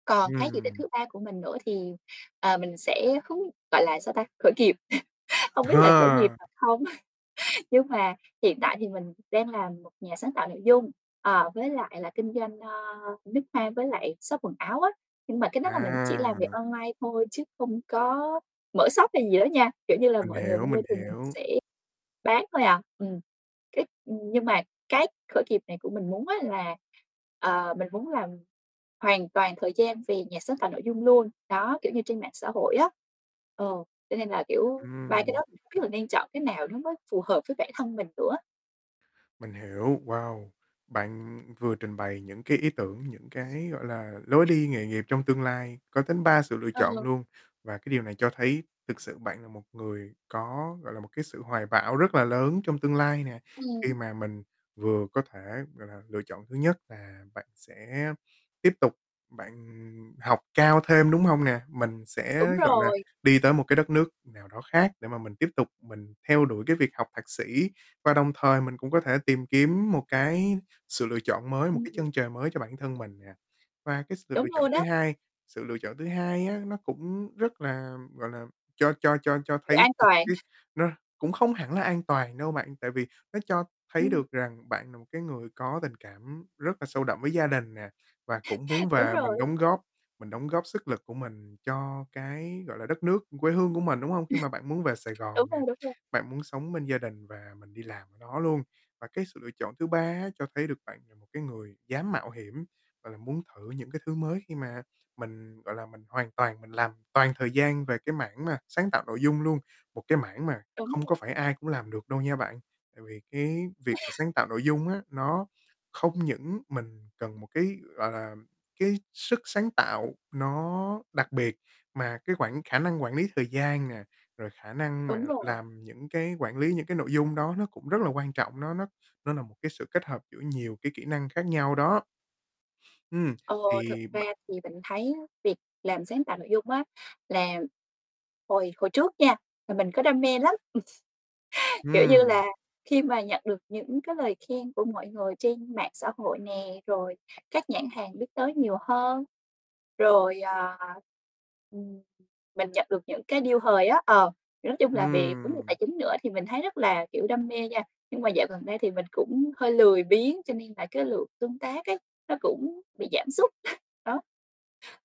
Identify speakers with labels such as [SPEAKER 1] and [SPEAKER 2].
[SPEAKER 1] Còn cái dự định
[SPEAKER 2] Ừm.
[SPEAKER 1] thứ ba của mình nữa thì, ờ, mình sẽ không gọi là, sao ta, khởi nghiệp không biết là khởi nghiệp
[SPEAKER 2] Ờ.
[SPEAKER 1] thật không nhưng mà hiện tại thì mình đang làm một nhà sáng tạo nội dung, ờ, với lại là kinh doanh, ơ, nước hoa với lại shop quần áo á, nhưng mà cái đó là mình chỉ làm việc
[SPEAKER 2] À.
[SPEAKER 1] online thôi chứ không có mở shop hay gì đó nha, kiểu như là,
[SPEAKER 2] Mình
[SPEAKER 1] mọi người
[SPEAKER 2] hiểu,
[SPEAKER 1] mua
[SPEAKER 2] mình
[SPEAKER 1] thì mình
[SPEAKER 2] hiểu.
[SPEAKER 1] sẽ bán thôi à. Ừm, cái nhưng mà cái khởi nghiệp này của mình muốn á là, ờ, mình muốn làm hoàn toàn thời gian về nhà sáng tạo nội dung luôn, đó, kiểu như, trên mạng xã hội á. Ờ, cho nên là, kiểu, 3 cái đó
[SPEAKER 2] Ừm.
[SPEAKER 1] mình không biết là nên chọn cái nào nó mới phù hợp với bản thân mình nữa.
[SPEAKER 2] Mình hiểu. Wow. Bạn vừa trình bày những cái ý tưởng, những cái, gọi là, lối đi nghề nghiệp trong tương lai, có đến 3 sự lựa
[SPEAKER 1] Ờ.
[SPEAKER 2] chọn luôn, và cái điều này cho thấy thực sự bạn là một người có, gọi là, một cái sự hoài bão rất là lớn trong tương lai nè. Khi
[SPEAKER 1] Ừm.
[SPEAKER 2] mà mình vừa có thể, gọi là, lựa chọn thứ nhất là bạn sẽ tiếp tục bạn học cao thêm, đúng hông nè? Mình
[SPEAKER 1] Đúng
[SPEAKER 2] sẽ, gọi là,
[SPEAKER 1] rồi.
[SPEAKER 2] đi tới một cái đất nước nào đó khác để mà mình tiếp tục mình theo đuổi cái việc học thạc sĩ và đồng thời mình cũng có thể tìm kiếm một cái sự lựa chọn mới, một cái
[SPEAKER 1] Ừm.
[SPEAKER 2] chân trời mới cho bản thân mình nè. Và cái sự
[SPEAKER 1] Đúng
[SPEAKER 2] lựa chọn
[SPEAKER 1] luôn
[SPEAKER 2] thứ
[SPEAKER 1] đó.
[SPEAKER 2] hai, sự lựa chọn thứ hai á, nó cũng rất là, gọi là, cho cho cho cho
[SPEAKER 1] Kiểu,
[SPEAKER 2] thấy
[SPEAKER 1] an
[SPEAKER 2] được
[SPEAKER 1] toàn.
[SPEAKER 2] cái nó cũng không hẳn là an toàn đâu bạn, tại vì nó cho thấy
[SPEAKER 1] Ừm.
[SPEAKER 2] được rằng bạn là một cái người có có tình cảm rất là sâu đậm với gia đình nè, và cũng muốn
[SPEAKER 1] Đúng
[SPEAKER 2] về mình
[SPEAKER 1] rồi.
[SPEAKER 2] đóng góp mình đóng góp sức lực của mình cho cái, gọi là, đất nước quê hương của mình, đúng hông? Khi mà bạn muốn về Sài
[SPEAKER 1] Đúng
[SPEAKER 2] Gòn nè,
[SPEAKER 1] rồi, đúng rồi.
[SPEAKER 2] bạn muốn sống bên gia đình và mình đi làm đó luôn. Và cái sự lựa chọn thứ ba á, cho thấy được bạn là một cái người dám mạo hiểm, gọi là, muốn thử những cái thứ mới khi mà mình, gọi là, mình hoàn toàn mình làm toàn thời gian về cái mảng mà sáng tạo nội dung luôn, một cái mảng mà
[SPEAKER 1] Đúng
[SPEAKER 2] không có
[SPEAKER 1] rồi.
[SPEAKER 2] phải ai cũng làm được đâu nha bạn, tại vì cái việc mà sáng tạo nội dung á, nó không những mình cần một cái, gọi là, cái sức sáng tạo nó đặc biệt mà cái quản khả năng quản lý thời gian nè, rồi khả năng mà
[SPEAKER 1] Đúng rồi.
[SPEAKER 2] làm những cái quản lý những cái nội dung đó nó cũng rất là quan trọng, nó nó nó là một cái sự kết hợp giữa nhiều cái kỹ năng khác nhau đó. Ừm,
[SPEAKER 1] Ờ, thực
[SPEAKER 2] thì
[SPEAKER 1] ra
[SPEAKER 2] bạn
[SPEAKER 1] thì mình thấy việc làm sáng tạo nội dung á, là hồi hồi trước nha thì mình có đam mê lắm, ừm. Kiểu như
[SPEAKER 2] Ừm.
[SPEAKER 1] là, khi mà nhận được những cái lời khen của mọi người trên mạng xã hội nè, rồi các nhãn hàng biết tới nhiều hơn, rồi, à, ừm, mình nhận được những cái deal hời á, ờ, nói chung là về vấn đề
[SPEAKER 2] Ừm.
[SPEAKER 1] tài chính nữa thì mình thấy rất là, kiểu, đam mê nha, nhưng mà dạo gần đây thì mình cũng hơi lười biếng cho nên là cái lượng tương tác ấy nó cũng bị giảm sút. Đó.